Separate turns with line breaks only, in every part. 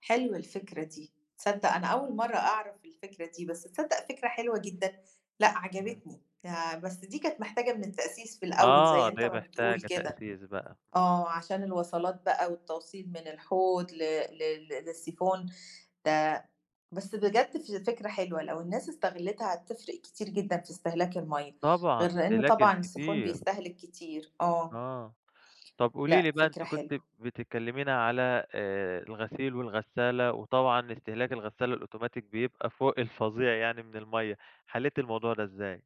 حلوة الفكرة دي، تصدّق أنا أول مرّه أعرف الفكرة دي، بس تصدّق فكرة حلوة جدًا، لأ،
امم.
عجبتني، آآ، بس دي كانت محتاجة من التأسيس في الأول
آه،
زي أنت
دي
ما بتقول
محتاجة
كده،
تأسيس بقى.
آه، عشان الوصَلات بقى والتوصيل من الحوض ل ل للسيفون ده بس بجد ف فكرة حلوة، لو الناس استغلّتها هتفرِق كتير جدًا في استهلاك المَيَّه،
طبعًا،
غير لإن
الاستهلاك
طبعًا السيفون
الكتير.
بيستهلك كتير، آه.
آه، طَب قولي لي
لأ،
بقى،
فكرة
أنتِ كنتِ
حلوة.
بتكلمينا على، آآ، الغسيل والغسالة، وطبعًا استهلاك الغسالة الأوتوماتيك بيبقى فوق الفظيع يعني من المَيَّة، حليتِ الموضوع ده إزاي؟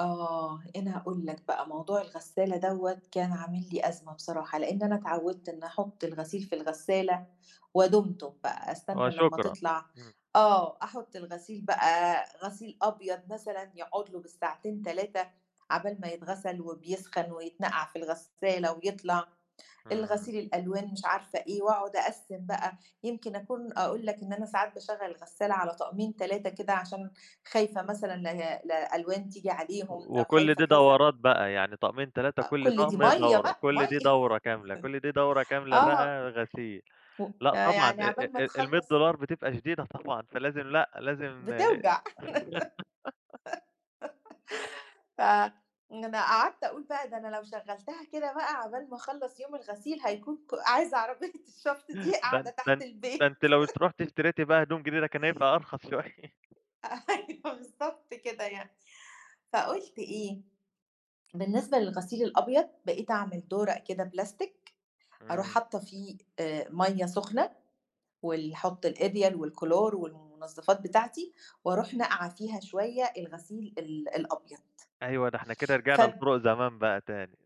آه، أنا هاقول لك بقى موضوع الغسالة دوَّة كان عامل لي أزمة بصراحة، لإن أنا اتعوّدت إن أحُطّ الغسيل في الغسالة ودُمتم بقى، أستنى لمّا
وشكرًا،
تطلع
امم.
آه، أحُطّ الغسيل بقى غسيل أبيض مثلًا يقعد له بالساعتين 3 عَبال ما يتغسل وبيسخن ويتنقع في الغسالة ويطلع،
امم.
الغسيل الألوان مش عارفة إيه، وأقعد أقسِّم بقى، يمكن أكون أقول لك إن أنا ساعات باشغّل الغسالة على طقمين 3 كده عشان خايفة مثلًا ل لألوان تيجي عليهم أو
وكُلّ
خايفة
دي
كذا.
دورات بقى، يعني طقمين 3،
أ
كُلّ
كل دي
طقم هي
مَيَّه
دورة،
بقى،
كُلّ دي
مَيَّه
دورة كاملة كُلّ دي دورة كاملة
آه،
بقى غسيل لأ، طبعًا،
فيعني
آآ،
عَبال ما
آآ، المِية
تخلّص
دولار بتبقى شديدة طبعًا، فلازم لأ، لازم،
بتوجع ف أنا قعدت أقول بقى ده أنا لو شغّلتها كده بقى عَبال ما أخلّص يوم الغسيل هيكون ك عايزة عربية الشفط دي
ده
قاعدة
ده
تحت
ده أنتِ
البيت.
لو رُحتِ اشتريتِ بقى هدوم جديدة كان هيبقى أرخص شوية.
أيوه بالضبط كده يعني، فقُلت إيه، بالنسبة للغسيل الأبيض، بقيت أعمل دُورق كده بلاستيك، أرُوح
امم.
حاطّة فيه، آآ، مَيَّه سُخنة، وال أحُطّ الإريال والكلور والمنظّفات بتاعتي، وأرُوح ناقعة فيها شوية الغسيل ال الأبيض.
أيوه، ده إحنا كده رِجِعنا
فب
لطُرُق زمان بقى تاني.